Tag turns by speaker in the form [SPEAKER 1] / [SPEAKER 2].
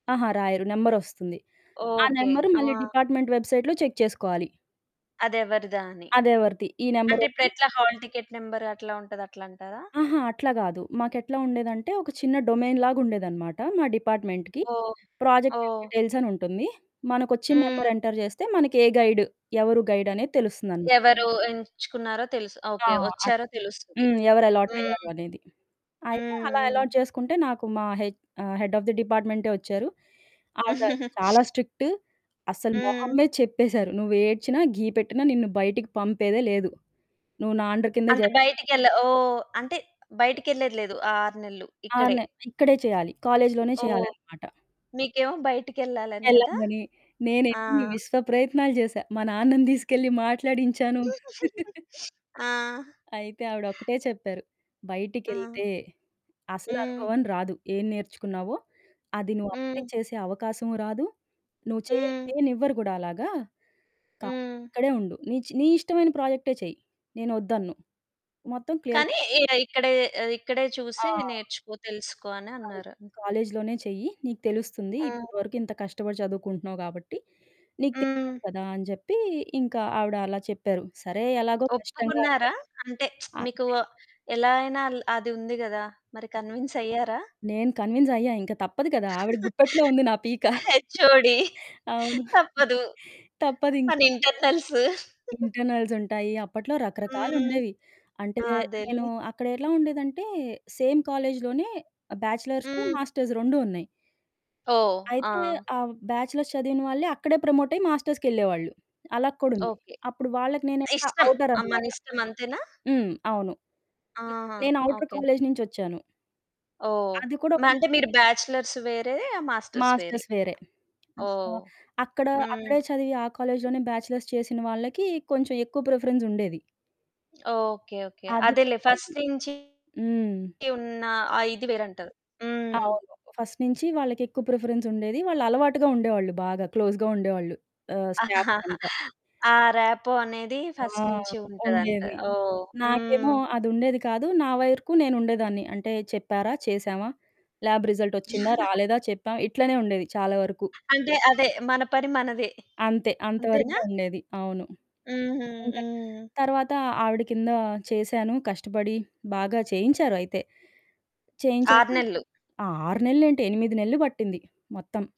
[SPEAKER 1] అహా! రాయరు. నెంబర్ ఒస్తుంది. ఆ
[SPEAKER 2] ఓకే.
[SPEAKER 1] నెంబరు
[SPEAKER 2] ఆ!
[SPEAKER 1] మళ్ళీ డిపార్ట్‌మెంట్ వెబ్‌సైట్‌లో చెక్ చేసుకోవాలి.
[SPEAKER 2] అదెవరిదా అని?
[SPEAKER 1] అదెవరిది? ఈ
[SPEAKER 2] అంటే,
[SPEAKER 1] నంబరోరిది
[SPEAKER 2] ఇప్పుడెట్లా హాల్ టికెట్ నంబర్ అట్లా ఉంటది అట్లంటారా?
[SPEAKER 1] అహా! అట్లా గాదు. మాకెట్లా ఉండేదంటే, ఒక చిన్న డొమైన్ లాగా ఉండేదనమాట మా డిపార్ట్‌మెంట్‌కి.
[SPEAKER 2] ఓహ్!
[SPEAKER 1] ప్రాజెక్ట్
[SPEAKER 2] ఓహ్!
[SPEAKER 1] డీటెయిల్స్ అని ఉంటుంది. మనకు ఒచ్చిన నెంబర్
[SPEAKER 2] హ్మ్.
[SPEAKER 1] ఎంటర్ జేస్తే, మనకే గైడ్? ఎవరు గైడ్? అనేది తెలుస్తుందని.
[SPEAKER 2] ఎవరు ఎంచుకున్నారో తెలుసు.
[SPEAKER 1] ఆ!
[SPEAKER 2] ఓకే
[SPEAKER 1] అట్
[SPEAKER 2] వచ్చారో తెలుస్తది.
[SPEAKER 1] హ్మ్. ఎవరు
[SPEAKER 2] హ్మ్.
[SPEAKER 1] అలాటయ్యారు అనేది. అయితే, అలా
[SPEAKER 2] హ్మ్.
[SPEAKER 1] అలాట్
[SPEAKER 2] హ్మ్.
[SPEAKER 1] జేసుకుంటే నాకు మా హెచ్ ఆ! హెడ్ ఆఫ్ ది డిపార్ట్‌మెంటే ఒచ్చారు. ఆవిడ చాలా స్ట్రిక్ట్. అస్సలు మొహం
[SPEAKER 2] హ్మ్.
[SPEAKER 1] మీద చెప్పేశారు నువ్వేడ్చినా, ఘీ పెట్టినా నిన్ను బయటికి పంపేదే లేదు. నువ్వు నా అండర్ కిందే
[SPEAKER 2] అంటే
[SPEAKER 1] జేయిలి.
[SPEAKER 2] బయటికెళ్ళే ఓహ్! అంటే
[SPEAKER 1] హ్మ్.
[SPEAKER 2] బయటికెళ్ళేది లేదు. ఆ 6 నెలలు
[SPEAKER 1] 6
[SPEAKER 2] ఇక్కడే.
[SPEAKER 1] నె ఇక్కడే చేయాలి. కాలేజిలోనే
[SPEAKER 2] ఓహ్!
[SPEAKER 1] చేయాలనమాట.
[SPEAKER 2] నీకేమో బయటికెళ్ళాలని గదా!
[SPEAKER 1] ఎళ్ళంగనే
[SPEAKER 2] ఆ!
[SPEAKER 1] నేనెన్ని విశ్వ ప్రయత్నాలు జేసా. మా నాన్నని దీసుకెళ్ళి మాట్లాడించాను.
[SPEAKER 2] ఆ!
[SPEAKER 1] అయితే, ఆవిడ ఒక్కటే చెప్పారు.
[SPEAKER 2] ఆ!
[SPEAKER 1] బయటికెళ్తే అసలు
[SPEAKER 2] హ్మ్.
[SPEAKER 1] అనుభవం రాదు. ఏం నేర్చుకున్నావో అది నువ్వు అప్లై
[SPEAKER 2] హ్మ్.
[SPEAKER 1] చేసే అవకాశము రాదు. నువ్వు చేయలే
[SPEAKER 2] హ్మ్.
[SPEAKER 1] చెయ్యాలేనివ్వరు గూడా అలాగా. కాబట్టి,
[SPEAKER 2] హ్మ్.
[SPEAKER 1] అక్కడే ఉండు. నీ చె నీ ఇష్టమైన ప్రాజెక్టే చెయి. నేను ఒద్దన్ను. మొత్తం క్లియర్
[SPEAKER 2] కానీ ఇగ ఇక్కడే ఆ! ఇక్కడే
[SPEAKER 1] ఆ!
[SPEAKER 2] చూసి నేర్చుకో, తెలుసుకో అని
[SPEAKER 1] అది.
[SPEAKER 2] అన్నారు.
[SPEAKER 1] కాలేజిలోనే చెయ్యి. నీకు తెలుస్తుంది.
[SPEAKER 2] హ్మ్.
[SPEAKER 1] ఇప్పటి వరకు ఇంత కష్టపడి చదువుకుంటున్నావు గాబట్టి, నీకు తెలియాలి
[SPEAKER 2] హ్మ్.
[SPEAKER 1] కదా! అని జెప్పి, ఇంకా ఆవిడ అలా చెప్పారు. సరే ఎలాగో కష్టంగా
[SPEAKER 2] ఒప్పుకున్నారా? అంటే, మీకు
[SPEAKER 1] అంతే.
[SPEAKER 2] ఎలా అయినా అల్ అది ఉంది గదా! మరి
[SPEAKER 1] హ్మ్,
[SPEAKER 2] కన్విన్స్ అయ్యారా?
[SPEAKER 1] నేను కన్విన్స్ అయ్యా. ఇంక తప్పదు కదా! ఆవిడ గుప్పెట్లో ఉంది నా పీక.
[SPEAKER 2] హెచ్ఓడీ
[SPEAKER 1] అవును.
[SPEAKER 2] తప్పదు.
[SPEAKER 1] తప్పదు
[SPEAKER 2] మన
[SPEAKER 1] ఇంకా.
[SPEAKER 2] ఇంటర్నల్స్.
[SPEAKER 1] ఇంటర్నల్స్ ఉంటాయి. అప్పట్లో
[SPEAKER 2] హ్మ్.
[SPEAKER 1] రకరకాలుండేవి. అంటే
[SPEAKER 2] అదేలే.
[SPEAKER 1] నేను అక్కడ ఎట్లా ఉండేదంటే, సేమ్ కాలేజిలోనే ఆహ్, బ్యాచిలర్స్,
[SPEAKER 2] హ్మ్.
[SPEAKER 1] మాస్టర్స్ 2 ఉన్నయి.
[SPEAKER 2] ఓహ్!
[SPEAKER 1] అయితే,
[SPEAKER 2] ఆ!
[SPEAKER 1] ఆహ్, బ్యాచిలర్స్ చదివిన వాళ్ళే అక్కడే ప్రమోటయి మాస్టర్స్‌కెళ్ళేవాళ్ళు అలా కూడా ఉంది.
[SPEAKER 2] ఓకే.
[SPEAKER 1] అప్పుడు వాళ్ళకి నేనిక
[SPEAKER 2] ఇష్టం. ఆ!
[SPEAKER 1] ఔటరనమాట.
[SPEAKER 2] మనిష్టం అంతేనా?
[SPEAKER 1] హ్మ్. అవును. న్
[SPEAKER 2] ఆహా!
[SPEAKER 1] నేను ఔటర్
[SPEAKER 2] ఓకే.
[SPEAKER 1] కాలేజి నుంచి ఒచ్చాను.
[SPEAKER 2] ఓహ్!
[SPEAKER 1] అది కూడా
[SPEAKER 2] మ
[SPEAKER 1] 1
[SPEAKER 2] అంటే మీరు బ్యాచలర్స్ వేరేయే మాస్టర్స్
[SPEAKER 1] మాస్టర్స్
[SPEAKER 2] వేరేయి.
[SPEAKER 1] వేరే. ఆ! సో,
[SPEAKER 2] ఓహ్!
[SPEAKER 1] అక్కడ
[SPEAKER 2] హ్మ్.
[SPEAKER 1] అక్కడే చదివి ఆ కాలేజిలోనే బ్యాచిలర్స్ చేసిన వాళ్ళకి, కొంచెం ఎక్కువ ప్రిఫరెన్స్ ఉండేది.
[SPEAKER 2] ఓకే. ఓకే.
[SPEAKER 1] ఆధికం
[SPEAKER 2] అదేలే
[SPEAKER 1] ఉండేది.
[SPEAKER 2] ఫస్ట్ నుంచి
[SPEAKER 1] హ్మ్.
[SPEAKER 2] ఉన్నా. ఆ ఇది వేరంటారు. హ్మ్.
[SPEAKER 1] అవును. ఫస్ట్ నుంచి వాళ్ళకెక్కువ ప్రిఫరెన్స్ ఉండేది. వాళ్ళు అలవాటుగా ఉండేవాళ్ళు. బాగా క్లోజ్‌గా ఉండేవాళ్ళు. ఆహ్, స్టాఫ్ అంతా.
[SPEAKER 2] ఆ ర్యాపో అనేది
[SPEAKER 1] ఆ!
[SPEAKER 2] ఫస్ట్ నుంచి ఉంటదంట.
[SPEAKER 1] ఉండేది.
[SPEAKER 2] ఓహ్!
[SPEAKER 1] నాకేమో
[SPEAKER 2] హ్మ్.
[SPEAKER 1] అది ఉండేది కాదు. నా వైరుకు నేను ఉండేదాన్ని. అంటే, చెప్పారా? చేసామా? ల్యాబ్ రిజల్ట్ ఒచ్చిందా? రాలేదా? చెప్పాం. ఇట్లనే ఉండేది చాలా వరకు.
[SPEAKER 2] అంటే, అదే మన పని మనది.
[SPEAKER 1] అంతే
[SPEAKER 2] అంతేనా?
[SPEAKER 1] అంతవరకే ఉండేది. అవును.
[SPEAKER 2] హుహు.
[SPEAKER 1] ఇంకా
[SPEAKER 2] హ్మ్.
[SPEAKER 1] తర్వాత ఆవిడ కింద చేసాను. కష్టపడి బాగా చేయించారు అయితే. చేయించాక
[SPEAKER 2] 6 నెలలు.
[SPEAKER 1] ఆ! 6 నెలలేంటి? 8 నెలలు బట్టింది మొత్తం.